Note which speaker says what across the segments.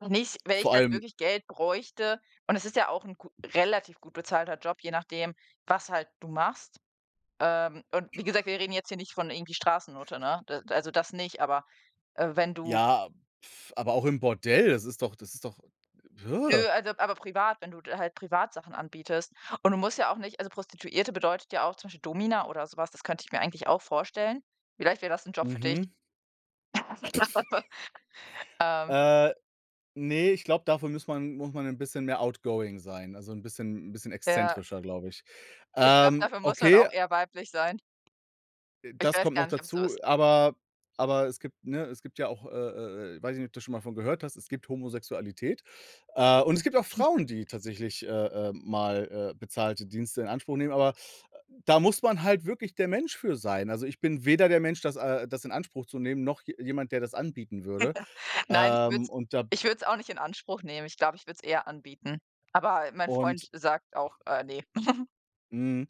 Speaker 1: Und nicht, wenn ich
Speaker 2: Vor
Speaker 1: halt
Speaker 2: allem
Speaker 1: wirklich Geld bräuchte. Und es ist ja auch 'n gu relativ gut bezahlter Job, je nachdem, was halt du machst. Ähm, und wie gesagt, wir reden jetzt hier nicht von irgendwie Straßennutte, ne? D also, das nicht, aber, äh, wenn du
Speaker 2: Ja, aber auch im Bordell, das ist doch das ist doch
Speaker 1: Nö, also aber privat wenn du d halt privat Sachen anbietest und du musst ja auch nicht also, Prostituierte bedeutet ja auch zum Beispiel Domina oder so was, das könnte ich mir eigentlich auch vorstellen. Vielleicht wäre das 'n Job für dich.
Speaker 2: Mhm.
Speaker 1: [unintelligible] Ähm.
Speaker 2: Äh, ne, ich glaube, dafür muss man muss man 'n bisschen mehr outgoing sein, also, 'n bisschen 'n bisschen
Speaker 1: Ja.
Speaker 2: exzentrischer, glaube ich.
Speaker 1: Ich glaube,
Speaker 2: Ähm,
Speaker 1: dafür muss man
Speaker 2: okay.
Speaker 1: auch eher weiblich sein.
Speaker 2: Äh,
Speaker 1: Ich
Speaker 2: das
Speaker 1: weiß
Speaker 2: kommt noch
Speaker 1: gar nicht, ob's so
Speaker 2: dazu,
Speaker 1: ist.
Speaker 2: aber aber es gibt, ne es gibt ja auch, äh, äh, äh weiß ich nicht, ob du schon mal davon gehört hast, es gibt Homosexualität. Äh, und es gibt auch Frauen, die tatsächlich, äh, äh, mal, äh, bezahlte Dienste in Anspruch nehmen, aber da muss man halt wirklich der Mensch für sein. Also, ich bin weder der Mensch, das, äh das in Anspruch zu nehmen, noch je jemand, der das anbieten würde.
Speaker 1: Nein, ich würde es
Speaker 2: Ähm, und da
Speaker 1: ich würde es auch nicht in Anspruch nehmen. Ich glaube, ich würde es eher anbieten. Aber, äh, mein
Speaker 2: Und
Speaker 1: Freund sagt auch: „Äh, ne?“
Speaker 2: Mhm,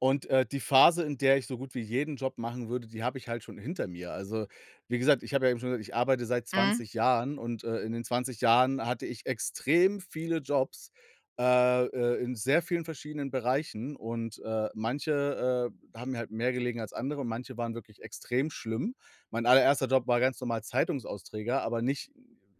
Speaker 2: und, äh, die Phase, in der ich so gut wie jeden Job machen würde, die habe ich halt schon hinter mir. Also, wie gesagt, ich habe ja eben schon gesagt, ich arbeite seit
Speaker 1: Mhm.
Speaker 2: 20 Jahren und, äh, in den 20 Jahren hatte ich extrem viele Jobs, äh, äh, in sehr vielen verschiedenen Bereichen. Und, äh, manche, äh, haben mir halt mehr gelegen als andere und manche waren wirklich extrem schlimm. Mein allererster Job war ganz normal Zeitungsausträger, aber nicht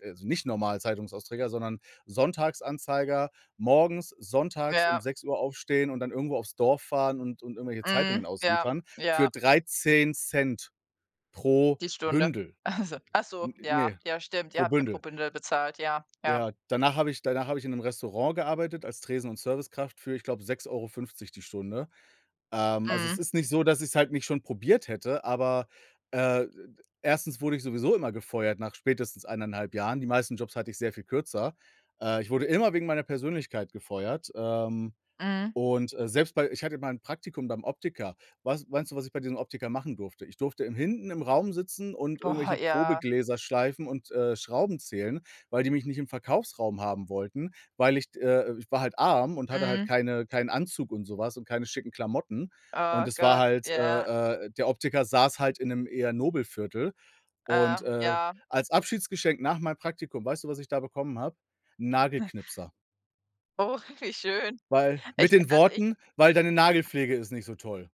Speaker 2: also, nicht normal Zeitungsausträger, sondern Sonntagsanzeiger, morgens, sonntags um
Speaker 1: Ja.
Speaker 2: 6:00 aufstehen und dann irgendwo auf's Dorf fahren und und irgendwelche
Speaker 1: Mhm,
Speaker 2: Zeitungen
Speaker 1: ja,
Speaker 2: ausliefern
Speaker 1: ja.
Speaker 2: für 13 ct pro
Speaker 1: Die Stunde.
Speaker 2: Bündel.
Speaker 1: Ach so, ach so,
Speaker 2: N
Speaker 1: ja,
Speaker 2: ne,
Speaker 1: ja, stimmt, ihr
Speaker 2: pro
Speaker 1: habt ja pro
Speaker 2: Bündel.
Speaker 1: Bündel bezahlt, ja, ja.
Speaker 2: Ja, danach habe ich danach habe ich in 'nem Restaurant gearbeitet als Tresen und Servicekraft für, ich glaube, 6,50€ die Stunde. Ähm, also, es
Speaker 1: Mhm.
Speaker 2: ist nicht so, dass ich's halt nicht schon probiert hätte, aber, äh, d d 1. wurde ich sowieso immer gefeuert nach spätestens 1,5 Jahren. Die meisten Jobs hatte ich sehr viel kürzer. Äh, ich wurde immer wegen meiner Persönlichkeit gefeuert, ähm,
Speaker 1: Mhm.
Speaker 2: und, äh, selbst bei ich hatte mal 'n Praktikum beim Optiker. Was meinst du, was ich bei diesem Optiker machen durfte? Ich durfte im hinten im Raum sitzen und
Speaker 1: Boah,
Speaker 2: irgendwelche
Speaker 1: ja.
Speaker 2: Probegläser schleifen und, äh, Schrauben zählen, weil die mich nicht im Verkaufsraum haben wollten. Weil ich d äh, ich war halt arm und hatte halt
Speaker 1: Mhm.
Speaker 2: keine keinen Anzug und so was und keine schicken Klamotten. Und
Speaker 1: Oh
Speaker 2: es war
Speaker 1: Gott,
Speaker 2: halt,
Speaker 1: ja.
Speaker 2: äh, äh der Optiker saß halt in 'nem eher Nobelviertel.
Speaker 1: Äh,
Speaker 2: Und, äh,
Speaker 1: ja.
Speaker 2: als Abschiedsgeschenk nach meinem Praktikum, weißt du, was ich da bekommen habe? 'N Nagelknipser.
Speaker 1: Oh, wie schön.
Speaker 2: Weil
Speaker 1: Ich
Speaker 2: mit den
Speaker 1: also ich
Speaker 2: Worten: „Weil deine Nagelpflege ist nicht so toll.“